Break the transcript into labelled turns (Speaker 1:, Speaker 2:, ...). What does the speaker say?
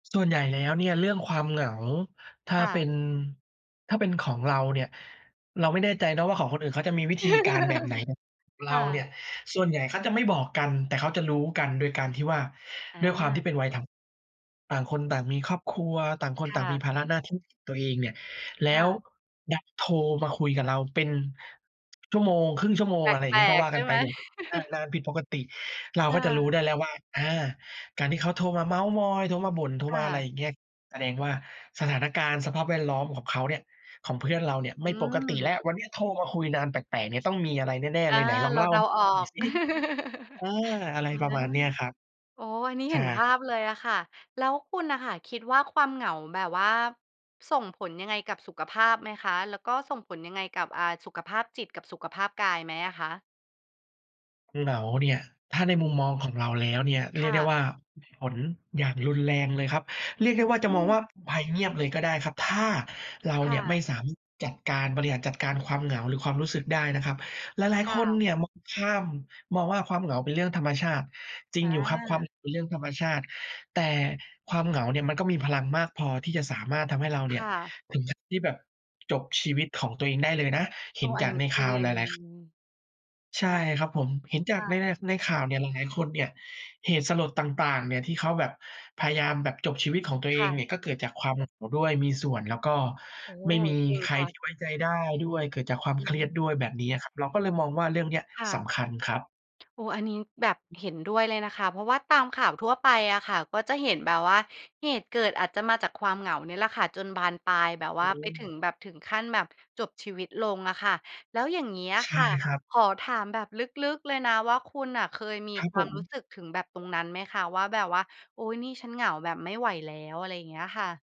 Speaker 1: ส่วนใหญ่แล้วเนี่ยเรื่องความเหงา ถ้า
Speaker 2: ค่
Speaker 1: เป็
Speaker 2: ะ
Speaker 1: น ถ้าเป็นของเราเนี่ย เราไม่แน่ใจนะว่า ของคนอื่นเขาจะมีวิธีการแบบไหนเนี่ย เร
Speaker 2: ค
Speaker 1: า
Speaker 2: ่
Speaker 1: เนี่
Speaker 2: ะ
Speaker 1: ย ส่วนใหญ่เขาจะไม่บอกกัน แต่เขาจะรู้กันโดยการที่ว่า
Speaker 2: อ
Speaker 1: ด้วยความที่
Speaker 2: า
Speaker 1: เป็นวัยทำงาน ต่างคนต่างมีครอบครัว ต่างค
Speaker 2: ค
Speaker 1: นต่
Speaker 2: ่
Speaker 1: างมี
Speaker 2: ะ
Speaker 1: ภาระหน้าที่ของตัวเองเนี่ย แล
Speaker 2: ค
Speaker 1: ้
Speaker 2: ่
Speaker 1: ว
Speaker 2: ะ
Speaker 1: ดันโทรมาคุยกับเราเป็น ชั่วโมง 1/2 ชั่วโม
Speaker 2: แ
Speaker 1: ง
Speaker 2: ป
Speaker 1: อะไรอย่างง
Speaker 2: ล
Speaker 1: ี้ ก็
Speaker 2: ก
Speaker 1: ว่า
Speaker 2: ๆ ใช
Speaker 1: ก
Speaker 2: ่
Speaker 1: ัน
Speaker 2: ไ
Speaker 1: ไป
Speaker 2: หม?
Speaker 1: แบบ อา นานผิดปกติ เรา
Speaker 2: ค
Speaker 1: ก
Speaker 2: ่
Speaker 1: ็จะรู้
Speaker 2: ะ
Speaker 1: ได้แล้วว่า อา การที่เขาโทรมาเม้าท์มอย โทรมาบ่น โทร
Speaker 2: ค
Speaker 1: ม
Speaker 2: ่
Speaker 1: าอะไร
Speaker 2: ะ
Speaker 1: อย่างเงี้ย แสดงว่า สถานการณ์ สภาพแวดล้อมของเขาเนี่ย ของเพื่อนเราเนี่ย
Speaker 2: อ
Speaker 1: ไ
Speaker 2: ื
Speaker 1: ม่ปกติแล้
Speaker 2: ม
Speaker 1: ว วันเนี้ยโทรมาคุยนานแปลก ๆ เนี่ย ต้องมีอะไรแน่
Speaker 2: อ
Speaker 1: ๆ เ
Speaker 2: า
Speaker 1: ลย ไหนลอ
Speaker 2: เ
Speaker 1: ง
Speaker 2: ร
Speaker 1: เ
Speaker 2: า
Speaker 1: ล่า
Speaker 2: เด
Speaker 1: ให
Speaker 2: า
Speaker 1: ้ฟั
Speaker 2: ออ
Speaker 1: งหน่อย
Speaker 2: ก
Speaker 1: ซิ เออ อะไร
Speaker 2: อา
Speaker 1: ประมาณเนี้ยครับ
Speaker 2: โอ้! อันนี้
Speaker 1: ฉ
Speaker 2: เห็
Speaker 1: า
Speaker 2: นภ
Speaker 1: ก
Speaker 2: าพเลยอะค่ะ แล้วคุณน่ะค่ะคิดว่า ความเหงาแบบว่าส่งผลยังไงกับสุขภาพไหมคะ? แล้วก็ส่งผลยังไงกับ อ่า สุขภาพจิตกับสุขภาพกายไหมอะคะ?
Speaker 1: เหงาเนี่ย ถ้าในมุมมองของเราแล้วเนี่ย เ
Speaker 2: ค
Speaker 1: รียก
Speaker 2: ่
Speaker 1: ได้
Speaker 2: ะ
Speaker 1: ว่ามีผลอย่างรุนแรงเลยครับ เรียก
Speaker 2: อ
Speaker 1: ไ
Speaker 2: ื
Speaker 1: ด้ว่าจะมอง
Speaker 2: ม
Speaker 1: ว่า ภัยเงียบเลยก็ได้ครับ ถ้าเรา
Speaker 2: ค
Speaker 1: เ
Speaker 2: ่
Speaker 1: นี่ย
Speaker 2: ะ
Speaker 1: ไม่สามารถจัดการ บริหารจัดการความเหงา หรือความรู้สึกได้นะครับ หลาย
Speaker 2: ข
Speaker 1: ๆ
Speaker 2: ่
Speaker 1: ค
Speaker 2: า
Speaker 1: นเ
Speaker 2: ว
Speaker 1: นี่ยมองข้าม มองว่าความเหงาเป็นเรื่องธรรมชาติ จริ
Speaker 2: อ
Speaker 1: งอยู่ครับความ
Speaker 2: า
Speaker 1: เหงาเป็นเรื่องธรรมชาติ แต่ความเหงาเนี่ยมันก็มีพลังมากพอที่จะสามารถทำให้เราเ
Speaker 2: ค
Speaker 1: นี่ย
Speaker 2: ่ะ
Speaker 1: ถึงขั้นที่แบบจบชีวิตของตัวเองได้เลยนะ เห
Speaker 2: โ
Speaker 1: ็
Speaker 2: อ้
Speaker 1: นจ
Speaker 2: อัน
Speaker 1: า
Speaker 2: น
Speaker 1: ก
Speaker 2: ี้
Speaker 1: ในข
Speaker 2: จ
Speaker 1: ่
Speaker 2: ริ
Speaker 1: าวหล
Speaker 2: ง
Speaker 1: าย ๆ ข ใช่ครับผม เห็นจ
Speaker 2: ค
Speaker 1: าก
Speaker 2: ่
Speaker 1: ใน
Speaker 2: ะ
Speaker 1: ใน ส ในข่าวเนี่ยหลายคนเนี่ย เหตุสลดต่าง ๆ เนี่ยที่เขาแบบพยายามแบบจบชีวิตของตัวเ
Speaker 2: ค
Speaker 1: อ
Speaker 2: ่
Speaker 1: งนี
Speaker 2: ะ
Speaker 1: ่ ก็เกิดจากความเหงาด้วย มีส่วน แล้วก็
Speaker 2: โอ้โฮ
Speaker 1: ไม่มี
Speaker 2: จริง
Speaker 1: ใคร
Speaker 2: ค่
Speaker 1: ท
Speaker 2: ะ
Speaker 1: ี่ไว้ใจได้ด้วย เกิดจากความ
Speaker 2: อื
Speaker 1: เครียด
Speaker 2: อ
Speaker 1: ด้วยแบบนี้อะครับ เราก็เลยมองว่า เรื่องเนี้ย
Speaker 2: ค่
Speaker 1: ส
Speaker 2: ะ
Speaker 1: ำคัญครับ
Speaker 2: โอ้ อันนี้แบบเห็นด้วยเลยล่ะค่ะ เพราะว่าตามข่าวทั่วไปอะค่ะ ก็จะเห็นแบบว่า เหตุเกิดอาจจะมาจากความเหงานี่แหละค่ะ จนบานปลายแบบว
Speaker 1: อื
Speaker 2: ่าไปถึ
Speaker 1: ม
Speaker 2: งแบบ ถึงขั้นแบบจบชีวิตลงอะค่ะ แล้วอย่างเงี้ยอะ
Speaker 1: ใช
Speaker 2: ค
Speaker 1: ่
Speaker 2: ่ะ
Speaker 1: ครับ
Speaker 2: ขอถามแบบลึก ๆ เลยนะว่า คุณน่ะเคยมี
Speaker 1: ครับ
Speaker 2: คว
Speaker 1: ผ
Speaker 2: ามรู
Speaker 1: ม
Speaker 2: ้สึกถึงแบบตรงนั้นไหมคะ? ว่าแบบว่า "โอ๊ย! นี่ฉันเหงาแบบไม่ไหวแล้ว" อะไรอย่างเงี้ยค่ะ